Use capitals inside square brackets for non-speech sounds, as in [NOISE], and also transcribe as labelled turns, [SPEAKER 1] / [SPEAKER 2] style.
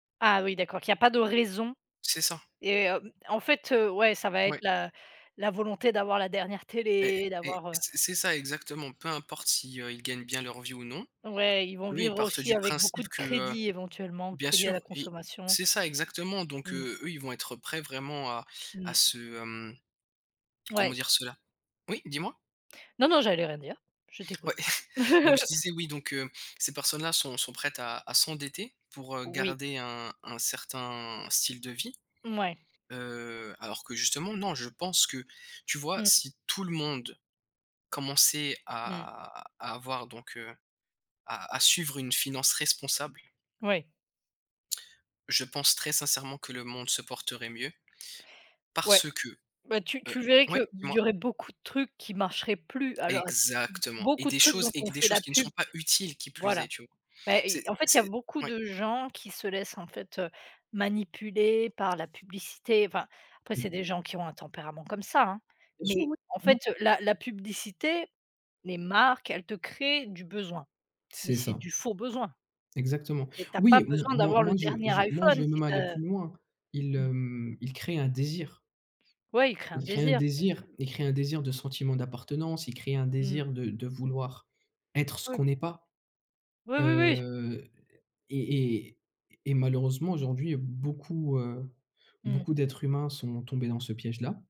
[SPEAKER 1] Ah oui d'accord, qu'il y a pas de raison
[SPEAKER 2] C'est ça.
[SPEAKER 1] et hem, en fait, heu, ouais ça va être
[SPEAKER 2] Mouais.
[SPEAKER 1] la la volonté d'avoir la dernière
[SPEAKER 2] Et
[SPEAKER 1] télé
[SPEAKER 2] et
[SPEAKER 1] d'avoir, heu
[SPEAKER 2] c'est c'est ça exactement, peu importe si, heu, ils gagnent bien leur vie ou non.
[SPEAKER 1] Ouais, ils vont
[SPEAKER 2] Eux ils
[SPEAKER 1] vivre
[SPEAKER 2] partent
[SPEAKER 1] aussi
[SPEAKER 2] du
[SPEAKER 1] avec beaucoup
[SPEAKER 2] principe
[SPEAKER 1] de
[SPEAKER 2] que, heu
[SPEAKER 1] crédits éventuellement,
[SPEAKER 2] bien
[SPEAKER 1] crédits à la
[SPEAKER 2] sûr et
[SPEAKER 1] consommation.
[SPEAKER 2] c'est ça exactement, donc
[SPEAKER 1] Mmh.
[SPEAKER 2] heu, eux ils vont être prêt vraiment à à
[SPEAKER 1] Mmh.
[SPEAKER 2] se, hem, comment
[SPEAKER 1] Ouais.
[SPEAKER 2] dire cela? Oui? Dis-moi.
[SPEAKER 1] Non, non j'allais rien dire, je
[SPEAKER 2] Ouais,
[SPEAKER 1] t'écoute.
[SPEAKER 2] [CHUCKLES] donc je
[SPEAKER 1] [CHUCKLES]
[SPEAKER 2] disais oui donc heu, ces personnes là sont sont prêtes à à s'endetter pour, heu,
[SPEAKER 1] Oui.
[SPEAKER 2] garder un un certain style de vie.
[SPEAKER 1] Mouais.
[SPEAKER 2] Heu, alors que justement non, je pense que tu vois?
[SPEAKER 1] Mmh.
[SPEAKER 2] Si tout le monde commençait
[SPEAKER 1] Mmh.
[SPEAKER 2] à à avoir donc heu, à à suivre une finance responsable
[SPEAKER 1] Ouais.
[SPEAKER 2] je pense très sincèrement que le monde se porterait mieux
[SPEAKER 1] Ouais,
[SPEAKER 2] parce que,
[SPEAKER 1] bah, tu
[SPEAKER 2] heu
[SPEAKER 1] tu verrais
[SPEAKER 2] ouais
[SPEAKER 1] qu'il
[SPEAKER 2] dis-moi.
[SPEAKER 1] y aurait beaucoup de trucs qui marcheraient plus à l'heure ac
[SPEAKER 2] Exactement, et
[SPEAKER 1] beaucoup de
[SPEAKER 2] des
[SPEAKER 1] trucs
[SPEAKER 2] choses
[SPEAKER 1] dont
[SPEAKER 2] et
[SPEAKER 1] on
[SPEAKER 2] q des
[SPEAKER 1] fait la
[SPEAKER 2] choses qui ne sont
[SPEAKER 1] pub
[SPEAKER 2] pas utiles, qui plus est
[SPEAKER 1] voilà.
[SPEAKER 2] tu vois?
[SPEAKER 1] Beh
[SPEAKER 2] C'est
[SPEAKER 1] et en fait, il y a
[SPEAKER 2] c'est
[SPEAKER 1] beaucoup
[SPEAKER 2] ouais.
[SPEAKER 1] de gens qui se laissent en fait, heu, manipuler par la publicité enfin, après c'est des gens qui ont un tempérament comme ça hein,
[SPEAKER 2] Bien sûr,
[SPEAKER 1] mais
[SPEAKER 2] oui,
[SPEAKER 1] en
[SPEAKER 2] vraiment.
[SPEAKER 1] fait la la publicité, les marques, elles te créent du besoin, mais
[SPEAKER 2] C'est
[SPEAKER 1] c'est
[SPEAKER 2] ça.
[SPEAKER 1] du faux besoin.
[SPEAKER 2] Exactement.
[SPEAKER 1] Et tu as
[SPEAKER 2] Oui
[SPEAKER 1] pas
[SPEAKER 2] m m
[SPEAKER 1] besoin
[SPEAKER 2] moi
[SPEAKER 1] d'avoir
[SPEAKER 2] moi
[SPEAKER 1] le
[SPEAKER 2] je
[SPEAKER 1] dernier
[SPEAKER 2] je, moi je
[SPEAKER 1] iPhone
[SPEAKER 2] vais
[SPEAKER 1] si
[SPEAKER 2] même
[SPEAKER 1] tu
[SPEAKER 2] aller
[SPEAKER 1] as, heu
[SPEAKER 2] plus loin, ils,
[SPEAKER 1] mmh.
[SPEAKER 2] hem, ils créent un désir.
[SPEAKER 1] Ouais, ils créent un
[SPEAKER 2] Ils créent un
[SPEAKER 1] désir.
[SPEAKER 2] désir, ils créent un désir de sentiment d'appartenance. Ils créent un
[SPEAKER 1] Mmh.
[SPEAKER 2] désir de de vouloir être ce
[SPEAKER 1] Oui.
[SPEAKER 2] qu'on est pas.
[SPEAKER 1] Oui, oui, oui.
[SPEAKER 2] Heu, et et et malheureusement aujourd'hui beaucoup, heu,
[SPEAKER 1] Mmh.
[SPEAKER 2] beaucoup d'êtres humains sont tombés dans ce piège-là.